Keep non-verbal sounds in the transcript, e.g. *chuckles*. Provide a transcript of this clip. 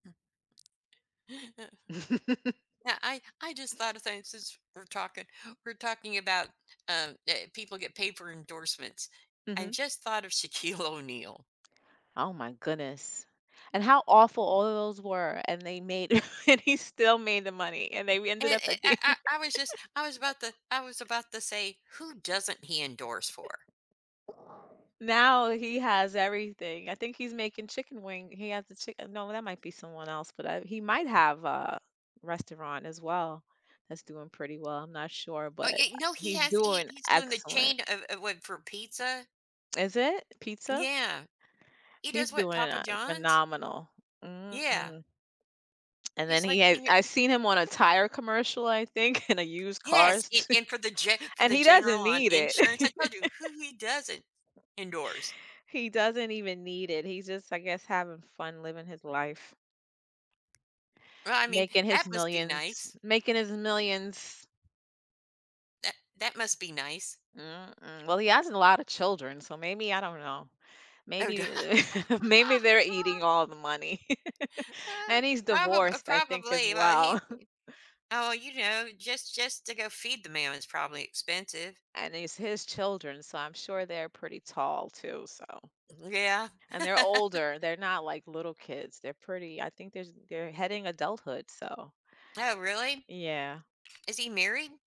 *laughs* Yeah, I I just thought of things since we're talking we're talking about, um, that people get paper endorsements. I Mhm. just thought of Shaquille O'Neal. Oh my goodness. And how awful all of those were, and they made, and he still made the money, and they And ended up I I think I I was just I was about to I was about to say, who doesn't he endorse for? *chuckles* Now, he has everything, I think he's making chicken wings, he has a chicken No, that might be someone else, but I he might have a restaurant as well that's doing pretty well, I'm not sure, Oh but yeah, no, he he's has he doing he's doing the excellent. chain of of what for pizza. Is it, pizza? Yeah. He He's does what doing, Papa uh, John's? phenomenal. Mm, Yeah. mm. And then He's he like, had he I've seen him on a tire commercial, I think, in a used Yes, and cars, and for the ge for and the he general doesn't on need insurance, I it. told you, *laughs* who he doesn't endorse. He doesn't even need it, he's just I guess, having fun living his life. Well, I mean, Making that his must be millions. nice. Making his millions. That that must be nice. Mm, mm, well, he has a lotta children, so maybe I don't know Oh duh maybe *laughs* maybe they're eating *laughs* all the money, *laughs* Uh, and he's probab divorced, I think as probably, well, well. he *chuckles* oh, you know, just just to go feed the man is probably expensive. And it's his children, so I'm sure they're pretty tall too, so. Yeah. And they're *laughs* older, they're not like little kids, they're pretty. I think there's they're heading adulthood, so. Oh, really? Yeah. Is he married?